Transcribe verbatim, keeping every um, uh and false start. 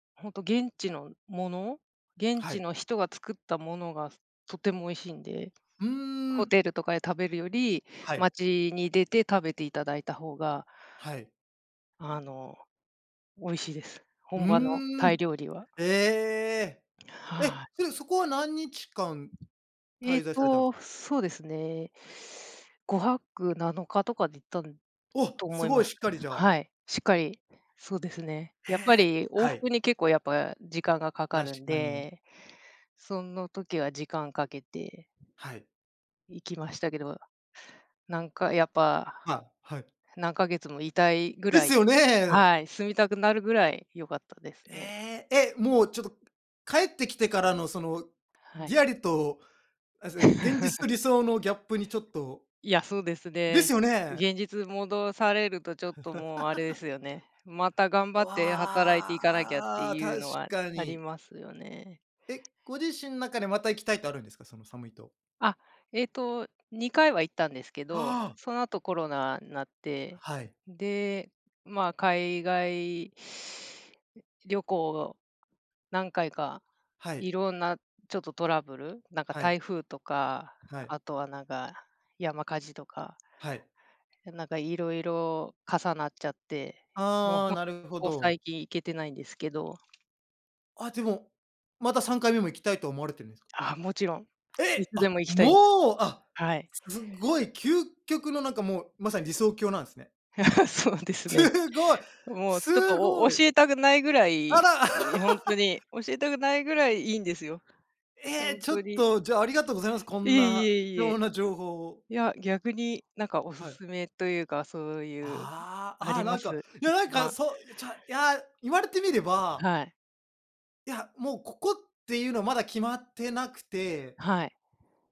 ほんと現地のもの、現は地い。の人が作ったものが、とても美味しいんで、うーホん。テルとかで食べるより、はい。街に出て食べていただいた方がはい。あの、美味しいです。う本場のータイん。料理はええ。はい。え、うん、そこは何日間えっ滞在されたんす？と、そうですね。ごはくなのかとかで行ったんお、と思すいごまいす。しっかりじゃあはい。しっかり、そうですね。えやっぱえ、り往はい。復に結構やっぱ時間がかか確るんかに。で、その時は時間かけてはい。行きましたけど、なんかやっぱ、ま、はい。何ヶ月もいたいぐでらすいよね。はい、住みたくなるぐらい良かったですね。ええ、え、もうちょっと、帰ってきてからのその、はリい。アリと、あ、そ、現実と 理想のギャップにちょっといや、そうですですね、よね。現実戻されるとちょっともう、あれで すよね、また頑張って働いてわいかなきゃってあ、いう確のはかありに。ますよね。え、ご自身の中でまた行きたいとあるんですか？そのサムイ島。あ、ええと、にかいは行ったんですけど、ああ。その後コロナんなって、はい。で、まあ、海外旅行を何回か、はい。いろんなちょっとトラブル、なんかはい。台風とか、はい。あとはなんか、山火事とかはい。なんか色々重なっちゃって、もうあほあ、んとこなるほこど。最近行けてないんですけど。あでも、またさんかいめも行きたいと思われてるんですか？あ、もちろん、いえ、つであ、も行きたいです。もう、あ、はい。すごい究極のなんかもう、まさに理想郷なんすね。そうですね。すごい、もうちょっとすおおご教い。えたくないぐらあい、ら。い、ほんと に、教えたくないぐらい、いいんですよ。ほええ、んちょっとに。と、じゃあ、ありがとうございます。こいんえいなえい貴重え。な情報を。いや、逆になんかおはい。勧めというか、そういう、ああ、あああ、りなまんか、す？いやな一んか、番。そう、ちゃいや言われてみればはい。いや、もうここっていうのはまだ決まってなくてはい。